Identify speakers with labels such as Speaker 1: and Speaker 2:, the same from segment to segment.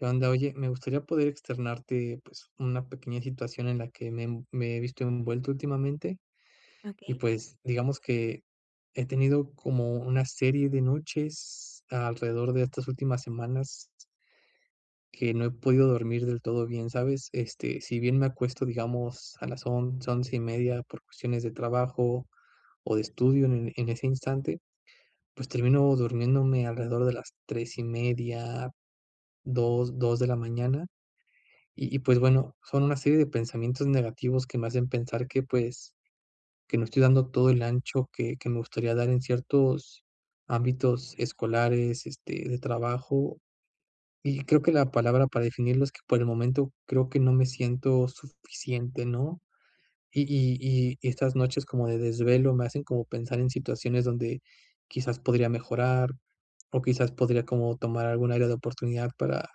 Speaker 1: Anda, oye, me gustaría poder externarte, pues, una pequeña situación en la que me env me he visto envuelto últimamente, y
Speaker 2: Okey.
Speaker 1: pues, digamos que he tenido como una serie de noches alrededor de estas últimas semanas que no he podido dormir del todo bien, ¿sabes? Este, si bien me acuesto, digamos, a las 11:00, 11:30, por cuestiones de trabajo, o de estudio, en en ese instante, pues, termino durmiéndome alrededor de las 3:30, 2:00, 2:00 de la mañana. Y y, pues, bueno, son una serie de pensamientos negativos que me hacen pensar que, pues, que no estoy dando todo el ancho que que me gustaría dar en ciertos ámbitos escolares, este, de trabajo. Y creo que la palabra para definirlo es que, por el momento, creo que no me siento suficiente, ¿no? Y y y y estas noches como de desvelo me hacen como pensar en situaciones donde, quizás, podría mejorar, o quizás podría como tomar algún área de oportunidad para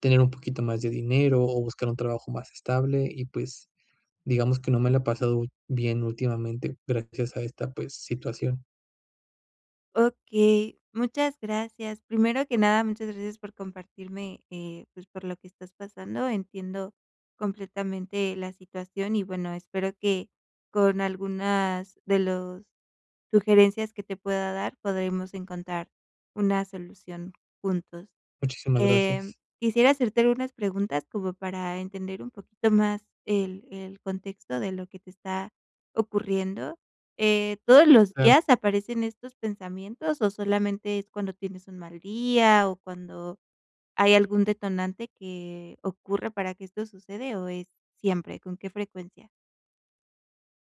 Speaker 1: tener un poquito más de dinero, o buscar un trabajo más estable, y pues, digamos que no me lo ha pasado bien últimamente gracias a esta, pues, situación.
Speaker 2: Okey, muchas gracias. Primero que nada, muchas gracias por compartirme, eh, pues, por lo que estás pasando. Entiendo completamente la situación, y bueno, espero que con algunas de los sugerencias que te pueda dar podremos encontrar una solución juntos.
Speaker 1: Muchísimas
Speaker 2: Em,
Speaker 1: gracias.
Speaker 2: quisiera hacerte algunas preguntas como para entender un poquito más el el contexto de lo que te está ocurriendo. Eh, ¿todos los
Speaker 1: Claro.
Speaker 2: días aparecen estos pensamientos, o solamente es cuando tienes un mal día?, o, ¿cuando hay algún detonante que ocurra para que esto sucede, o es siempre? ¿Con qué frecuencia?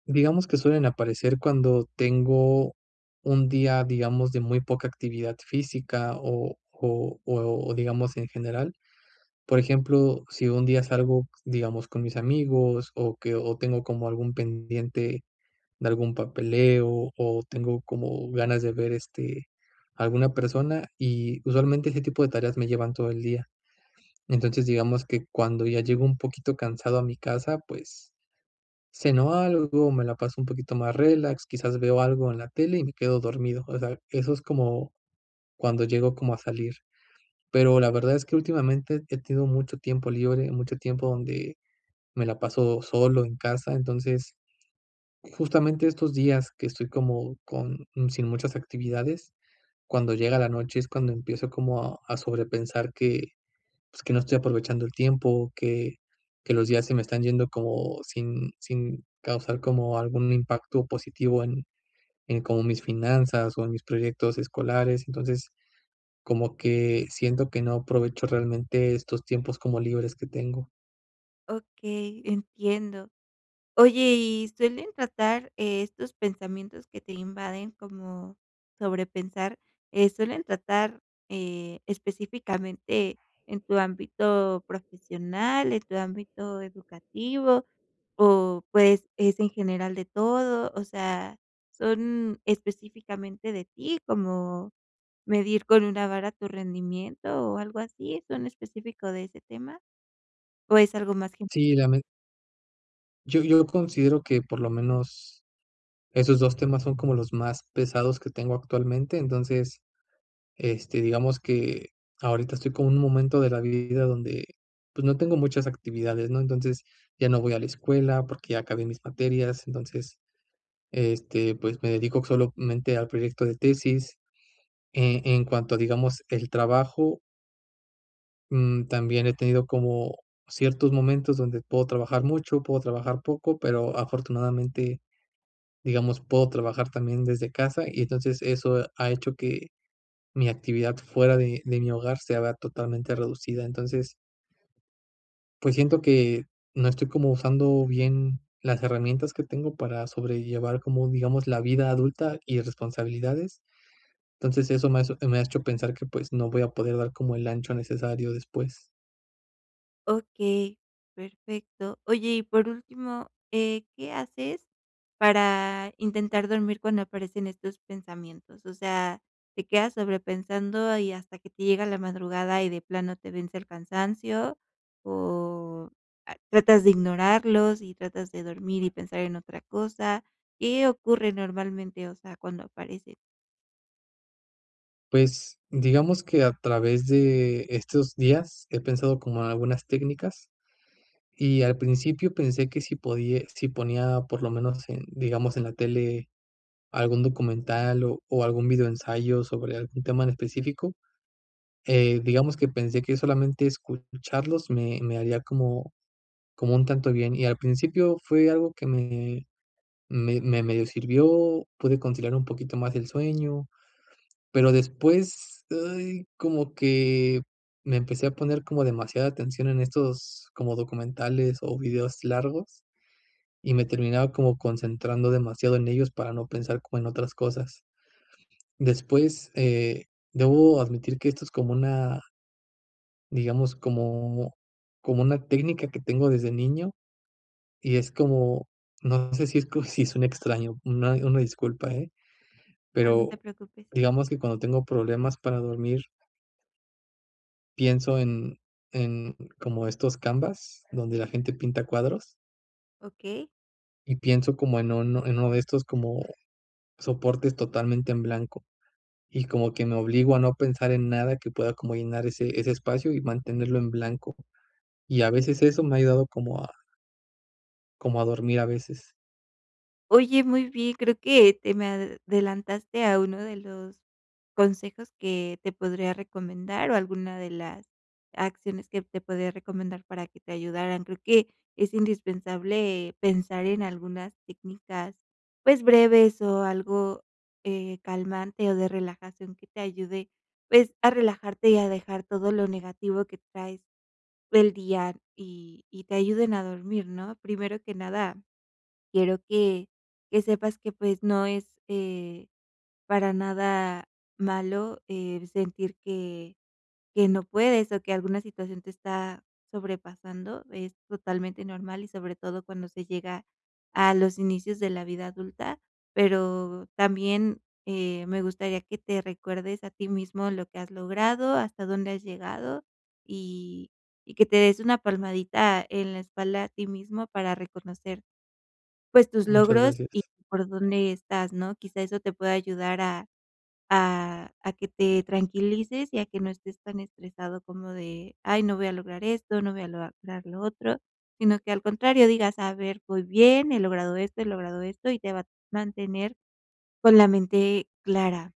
Speaker 1: Digamos que suelen aparecer cuando tengo un día, digamos, de muy poca actividad física, o o o digamos en general. Por ejemplo, si un día salgo, digamos, con mis amigos, o que o tengo como algún pendiente de algún papeleo, o tengo como ganas de ver, este, alguna persona, y usualmente ese tipo de tareas me llevan todo el día. Entonces, digamos que cuando ya llego un poquito cansado a mi casa, pues, ceno algo, me la paso un poquito más relax, quizás, veo algo en la tele y me quedo dormido. O sea, eso es como, cuando llego como a salir. Pero, la verdad es que últimamente he tenido mucho tiempo libre, mucho tiempo donde me la paso solo en casa. Entonces, justamente estos días que estoy como con sin muchas actividades, cuando llega la noche es cuando empiezo como a a sobrepensar que, pues, que no estoy aprovechando el tiempo, que que los días se me están yendo como sin sin causar como algún impacto positivo en en como mis finanzas, o en mis proyectos escolares. Entonces, como que siento que no aprovecho realmente, estos tiempos como libres que tengo.
Speaker 2: Okey, entiendo. Oye, ¿y suelen tratar estos pensamientos que te invaden como sobrepensar, eh, suelen tratar, eh, específicamente en tu ámbito profesional, en tu ámbito educativo, o pues, es en general de todo?, o sea, ¿son específicamente de ti, como medir con una vara tu rendimiento, o algo así? ¿Son específico de ese tema? ¿O es algo más gen?
Speaker 1: Sí, ya me Yo yo considero que por lo menos, esos 2 temas son como los más pesados que tengo actualmente. Entonces, este, digamos que ahorita estoy como en un momento de la vida donde, pues, no tengo muchas actividades, ¿no? Entonces, ya no voy a la escuela porque ya acabé mis materias, entonces, este, pues, me dedico solamente al proyecto de tesis. Eh, en cuanto, digamos, el trabajo mm, también he tenido como ciertos momentos donde puedo trabajar mucho, puedo trabajar poco, pero afortunadamente, digamos, puedo trabajar también desde casa, y entonces, eso ha hecho que mi actividad fuera de de mi hogar se haga totalmente reducida. Entonces pues, siento que no estoy como usando bien las herramientas que tengo para sobrellevar como, digamos, la vida adulta y las responsabilidades. Entonces, eso me hace me ha hecho pensar que, pues, no voy a poder dar como el ancho necesario después.
Speaker 2: Okey, perfecto. Oye, y por último, eh, ¿qué haces para intentar dormir cuando aparecen estos pensamientos?, o sea, ¿te quedas sobrepensando y hasta que te llega la madrugada, y de plano te vence el cansancio? O, ah, ¿tratas de ignorarlos, y tratas de dormir y pensar en otra cosa? ¿Qué ocurre normalmente? O sea, cuando aparece.
Speaker 1: Pues, digamos que a través de estos días he pensado como algunas técnicas, y al principio pensé que si podi si ponía por lo menos en, digamos, en la tele algún documental o o algún videoensayo sobre algún tema en específico, eh, digamos que pensé que solamente escucharlos me me haría como como un tanto bien, y al principio fue algo que me me medio sirvió, pude conciliar un poquito más el sueño, pero después, ay, como que me empecé a poner como demasiada atención en estos como documentales o videos largos, y me terminaba como concentrando demasiado en ellos para no pensar como en otras cosas. Después, eh, debo admitir que esto es como una digamos, como como una técnica que tengo desde niño y, es como, no sé si es co si suene extraño, una una disculpa, ¿eh?,
Speaker 2: Ah, no te
Speaker 1: pero
Speaker 2: preocupes.
Speaker 1: digamos que cuando tengo problemas para dormir pienso en en como estos canvas, donde la gente pinta cuadros
Speaker 2: Okey.
Speaker 1: y pienso como en un en uno de estos como soportes, totalmente en blanco, y como que me obligo a no pensar en nada que pueda como llenar ese ese espacio y mantenerlo en blanco, y a veces eso me ha ayudado como a como a dormir, a veces.
Speaker 2: Oye, muy bien, creo que te me adelantaste a uno de los consejos que te podría recomendar, o alguna de las acciones que te podría recomendar para que te ayudaran. Creo que es indispensable pensar en algunas técnicas, pues, breves o algo, eh, calmante, o de relajación que te ayude, pues, a relajarte y a dejar todo lo negativo que traes del día y y te ayuden a dormir, ¿no? Primero que nada, quiero que que sepas que, pues, no es, eh, para nada malo el sentir que que no puedes, o que alguna situación te está sobrepasando. Es totalmente normal, y sobre todo cuando se llega a los inicios de la vida adulta. Pero también, eh, me gustaría que te recuerdes a ti mismo lo que has logrado, hasta dónde has llegado, y y que te des una palmadita en la espalda a ti mismo para reconocer, pues, tus
Speaker 1: Muchas
Speaker 2: logros
Speaker 1: gracias.
Speaker 2: y por dónde estás, ¿no? Quizá eso te pueda ayudar a a a que te tranquilices y a que no estés tan estresado como de: "Ay, no voy a lograr esto, no voy a lograr lo otro", sino que al contrario, digas: "A ver, voy bien, he logrado esto, he logrado esto", y te va a mantener con la mente clara.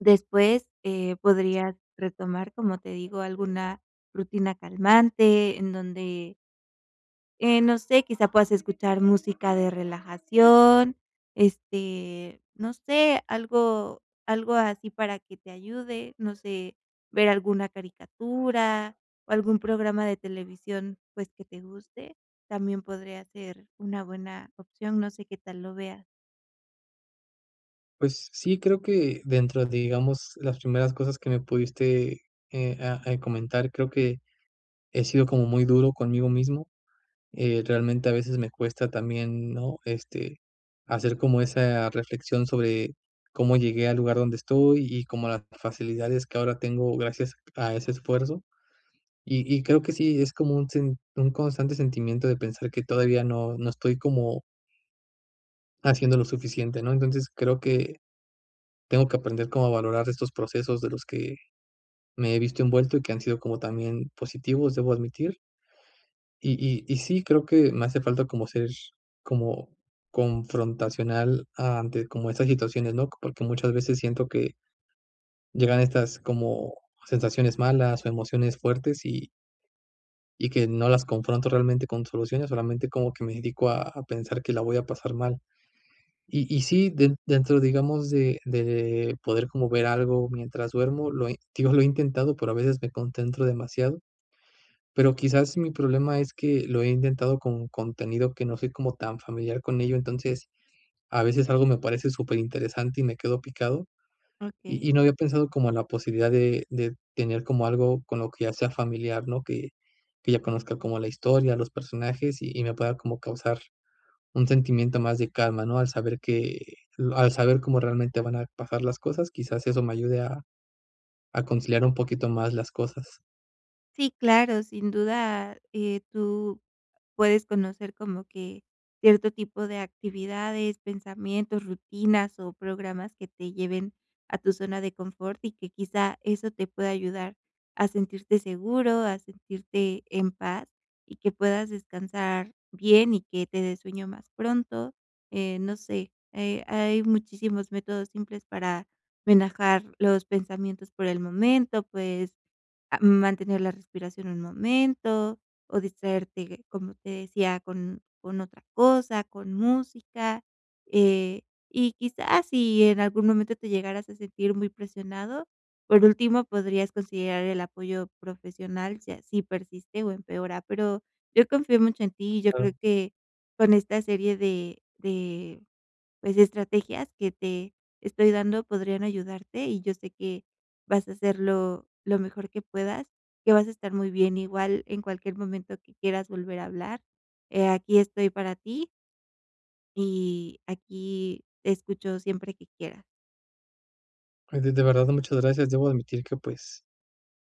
Speaker 2: Después, eh, podrías retomar, como te digo, alguna rutina calmante en donde eh, no sé, quizá puedas escuchar música de relajación, este, no sé, algo algo así para que te ayude, no sé, ver alguna caricatura o algún programa de televisión, pues que te guste, también podría ser una buena opción. No sé qué tal lo veas.
Speaker 1: Pues sí, creo que dentro de, digamos, las primeras cosas que me pudiste, eh, ah, eh, comentar, creo que, he sido como muy duro conmigo mismo. Eh, realmente a veces me cuesta también, ¿no? Este, hacer como esa reflexión sobre cómo llegué al lugar donde estoy, y cómo las facilidades que ahora tengo gracias a ese esfuerzo. Y y creo que sí, es como un sin un constante sentimiento de pensar que todavía no no estoy como haciendo lo suficiente, ¿no? Entonces creo que tengo que aprender como a valorar estos procesos de los que me he visto envuelto, y que han sido como también positivos, debo admitir. Y y y sí, creo que me hace falta como ser como confrontacional ante como estas situaciones, ¿no? Porque muchas veces siento que llegan estas como sensaciones malas, o emociones fuertes y y que no las confronto realmente con soluciones, solamente como que me dedico a a pensar que la voy a pasar mal. Y y sí, den dentro, digamos, de de poder como ver algo mientras duermo, lo he digo, lo he intentado, pero a veces me concentro demasiado, pero quizás mi problema es que lo he intentado con contenido que no soy como tan familiar con ello, entonces a veces algo me parece superinteresante y me quedo picado.
Speaker 2: Okey.
Speaker 1: Y y no había pensado como en la posibilidad de de tener como algo con lo que ya sea familiar, ¿no? Que que ya conozca como la historia, los personajes, y y me pueda como causar un sentimiento más de calma, ¿no?, al saber que lo al saber cómo realmente van a pasar las cosas, quizás eso me ayude a a conciliar un poquito más las cosas.
Speaker 2: Sí, claro, sin duda, eh, tú puedes conocer como que cierto tipo de actividades, pensamientos, rutinas, o programas que te lleven a tu zona de confort y que quizá eso te pueda ayudar a sentirte seguro, a sentirte en paz, y que puedas descansar bien y que te dé sueño más pronto. Eh, no sé, eh, hay muchísimos métodos simples para relajar los pensamientos por el momento, puedes, ah, mantener la respiración un momento, o distraerte, como te decía, con con otra cosa, con música. Eh, y quizás, si en algún momento te llegaras a sentir muy presionado, por último podrías considerar el apoyo profesional, si así persiste o empeora, pero yo confío mucho en ti. Yo creo que con esta serie de de, pues, estrategias que te estoy dando, podrían ayudarte, y yo sé que vas a hacerlo lo mejor que puedas, que vas a estar muy bien. Igual en cualquier momento que quieras volver a hablar, eh, aquí estoy para ti y aquí te escucho siempre que quieras.
Speaker 1: Ay, de de verdad muchas gracias. Debo admitir que, pues,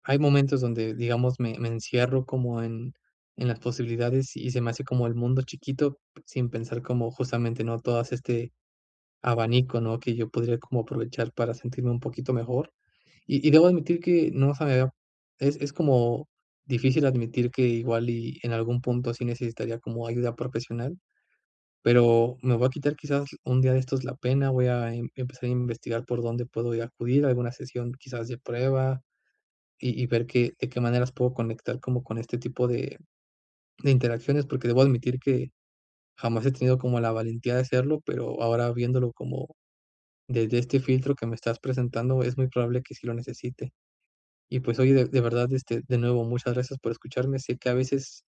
Speaker 1: hay momentos donde, digamos, me me encierro como en en las posibilidades, y se me hace como el mundo chiquito, sin pensar como, justamente, ¿no?, todas este abanico, ¿no?, que yo podría como aprovechar para sentirme un poquito mejor. Y y, debo admitir que no se me había es es como difícil admitir que igual y en algún punto, sí necesitaría como ayuda profesional, pero me voy a quitar, quizás, un día de estos la pena, voy a em empezar a investigar por dónde puedo yo acudir a alguna sesión, quizás, de prueba, y y ver que de qué maneras puedo conectar como con este tipo de de interacciones, porque debo admitir que, jamás he tenido como la valentía de hacerlo, pero ahora viéndolo como desde este filtro que me estás presentando es muy probable que sí lo necesite. Y, pues, oye, de de verdad, este, de nuevo, muchas gracias por escucharme, sé que a veces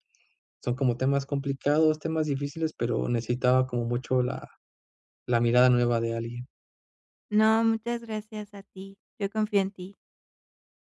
Speaker 1: son, como, temas complicados, temas difíciles, pero necesitaba, como, mucho la la mirada nueva de alguien.
Speaker 2: No, muchas gracias a ti. Yo confío en ti.